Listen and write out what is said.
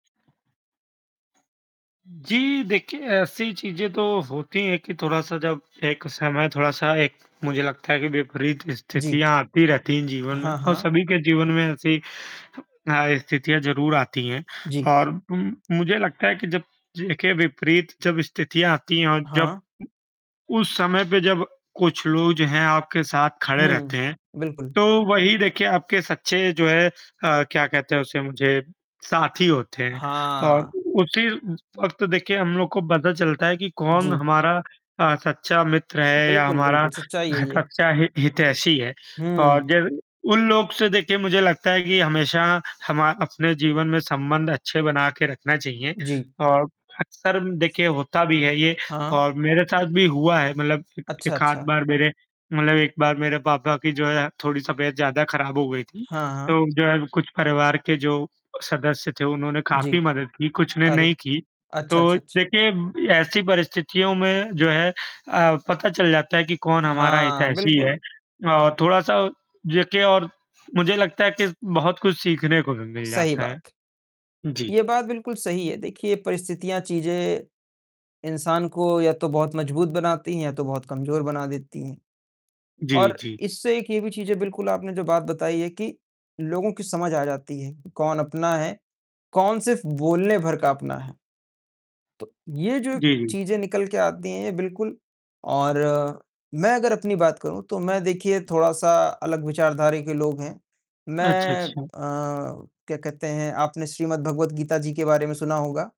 जी, देखिए ऐसी चीज़ें तो होती हैं कि थोड़ा-सा जब एक समय थोड़ा-सा एक मुझे लगता है कि विपरीत जी। स्थितियाँ आती रहती हैं जीवन में हाँ, और हाँ। सभी के जीवन में ऐसी अ, स्थितियाँ ज़रूर आती हैं जी। और उ मुझे लगता है कि जब देखिए विपरीत जब स्थितियाँ आती हैं और जब हाँ। उस समय पे जब कुछ लोग जो हैं आपके साथ खड़े रहते हुँ। हैं, बिल्कुल। तो वही देखिए आपके सच्चे जो है अ, क्या कहते हैं उसे मुझे साथी होते हैं और हाँ। उसी वक़्त देखिए हम लोग को पता चलता है कि कौन जी। हमारा ता सच्चा मित्र है या बिल्कुल, हमारा बिल्कुल। अ, सच्चाई है ये। सच्चा हि हितैषी है और हुँ। जब उन लोगों से देखिए मुझे लगता है कि हमेशा हम अ, अपने जीवन में संबंध अच्छे बनाकर रखना चाहिए जी। और अक्सर देखिए होता भी है ये हाँ। और मेरे साथ भी हुआ है, मतलब एक अच्छा, 1 आध अच्छा। बार मेरे मतलब 1 बार मेरे पापा की जो है थोड़ी तबीयत ज़्यादा ख़राब हो गई थी, हाँ, हाँ। तो जो है कुछ परिवार के जो सदस्य थे उन्होंने जी। काफ़ी मदद की, कुछ ने नहीं अरे! की। अच्छा, तो अच्छा, अच्छ देखिए, ऐसी परिस्थितियों में जो है अ, पता चल जाता है कि कौन हमारा हाँ, हितैषी बिल्कुल। है और थोड़ा-सा देखिए और मुझे लगता है कि बहुत कुछ सीखने को भी मिल सही जाता बात। है। जी। ये बात बिल्कुल सही है, देखिए परिस्थितियाँ, चीज़ें इंसान को या तो बहुत मजबूत बनाती हैं या तो बहुत कमजोर बना देती हैं जी, और जी। इससे एक ये भी चीज़ है बिल्कुल आपने जो बात बताई है कि, लोगों की समझ आ जाती है कि कौन अपना है, कौन सिर्फ़ बोलने भर का अपना है। तो ये जो जी, जी। चीज़ें निकल के आती हैं बिल्कुल और मैं अगर अपनी बात करूँ तो मैं देखिए थोड़ा-सा अलग विचारधारा के लोग हैं। अच्छा, मैं अ, अच्छा। क्या कहते हैं आपने श्रीमद्भगवद्गीता जी के बारे में सुना होगा?